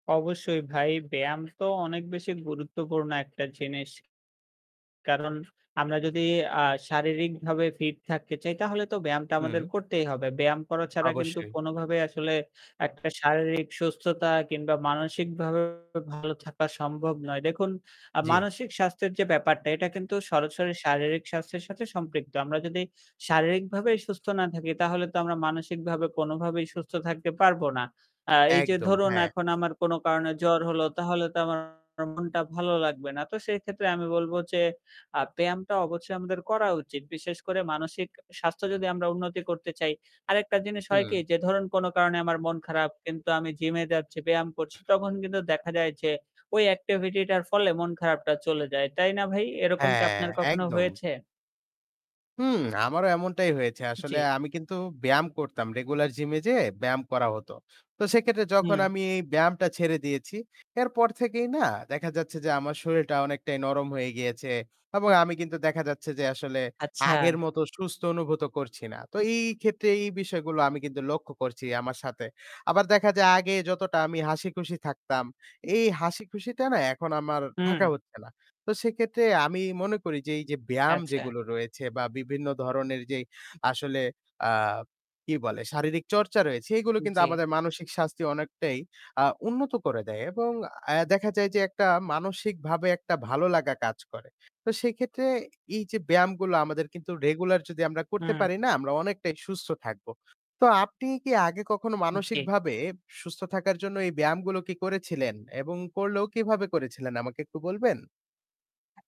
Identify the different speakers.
Speaker 1: অবশ্যই ভাই, ব্যায়াম তো অনেক বেশি গুরুত্বপূর্ণ একটা জিনিস। কারণ আমরা যদি আ শারীরিকভাবে fit থাকতে চাই তাহলে তো ব্যায়ামটা আমাদের
Speaker 2: হুম।
Speaker 1: করতেই হবে। ব্যায়াম করা ছাড়া কিন্তু
Speaker 2: অবশ্যই।
Speaker 1: কোনোভাবেই আসলে আ একটা শারীরিক সুস্থতা কিংবা মানসিকভাবে ভালো থাকা সম্ভব নয়। দেখুন, আ
Speaker 2: জি।
Speaker 1: মানসিক স্বাস্থ্যের যে ব্যাপারটা এটা কিন্তু সরাসরি শারীরিক স্বাস্থ্যের সাথে সম্পৃক্ত। আমরা যদি শারীরিকভাবে সুস্থ না থাকি তাহলে তো আমরা মানসিকভাবে কোনোভাবেই সুস্থ থাকতে পারবো না। আ এই যে
Speaker 2: একদম,
Speaker 1: ধরুন
Speaker 2: হ্যাঁ।
Speaker 1: এখন আমার কোনো কারণে জ্বর হলো তাহলে তো আমার মনটা ভালো লাগবে না। তো সেইক্ষেত্রে আমি বলব যে, আ ব্যায়ামটা অবশ্যই আমাদের করা উচিত। বিশেষ করে মানসিক স্বাস্থ্য যদি আমরা উন্নতি করতে চাই। আরেকটা জিনিস হয় কি
Speaker 2: হুম।
Speaker 1: যে, ধরুন কোনো কারণে আমার মন খারাপ কিন্তু আমি gym-এ যাচ্ছি, ব্যায়াম করছি তখন কিন্তু দেখা যায় যে, ওই activity-টার ফলে মন খারাপটা চলে যায়। তাই না ভাই? এরকম কি
Speaker 2: হ্যাঁ,
Speaker 1: আপনার কখনো
Speaker 2: একদম।
Speaker 1: হয়েছে?
Speaker 2: হুম, আমারও এমনটাই হয়েছে।
Speaker 1: জি।
Speaker 2: আসলে আমি কিন্তু ব্যায়াম করতাম। regular gym-এ যেয়ে ব্যায়াম করা হতো। তো সেক্ষেত্রে যখন
Speaker 1: হুম।
Speaker 2: আমি এই ব্যায়ামটা ছেড়ে দিয়েছি, এরপর থেকেই না দেখা যাচ্ছে যে, আমার শরীরটা অনেকটাই নরম হয়ে গিয়েছে এবং আমি কিন্তু দেখা যাচ্ছে যে আসলে
Speaker 1: আচ্ছা।
Speaker 2: আগের মতো সুস্থ অনুভূত করছি না। তো এই ক্ষেত্রে এই বিষয়গুলো আমি কিন্তু লক্ষ্য করছি আমার সাথে। আবার দেখা যায় আগে যতটা আমি হাসিখুশি থাকতাম, এই হাসিখুশিটা না এখন আমার
Speaker 1: হু,
Speaker 2: থাকা
Speaker 1: হুম।
Speaker 2: হচ্ছে না। তো সেক্ষেত্রে আমি মনে করি যে, এই যে ব্যায়াম
Speaker 1: আচ্ছা।
Speaker 2: যেগুলো রয়েছে বা বিভিন্ন ধরনের যে আসলে, আ কী বলে, শারীরিক চর্চা রয়েছে সেগুলো
Speaker 1: উ
Speaker 2: কিন্তু
Speaker 1: জি।
Speaker 2: আমাদের মানসিক স্বাস্থ্য অনেকটাই, আ উন্নত করে দেয় এবং, এ্যা দেখা যায় যে একটা মানসিকভাবে একটা ভালো লাগা কাজ করে। তো সেক্ষেত্রে এই যে, ব্যায়ামগুলো আমাদের কিন্তু regular যদি আমরা করতে
Speaker 1: হুম।
Speaker 2: পারি না, আমরা অনেকটাই সুস্থ থাকবো। তো আপনি কি আগে কখনো
Speaker 1: জি।
Speaker 2: মানসিকভাবে সুস্থ থাকার জন্য এই ব্যায়ামগুলো কি করেছিলেন এবং করলেও কিভাবে করেছিলেন আমাকে একটু বলবেন?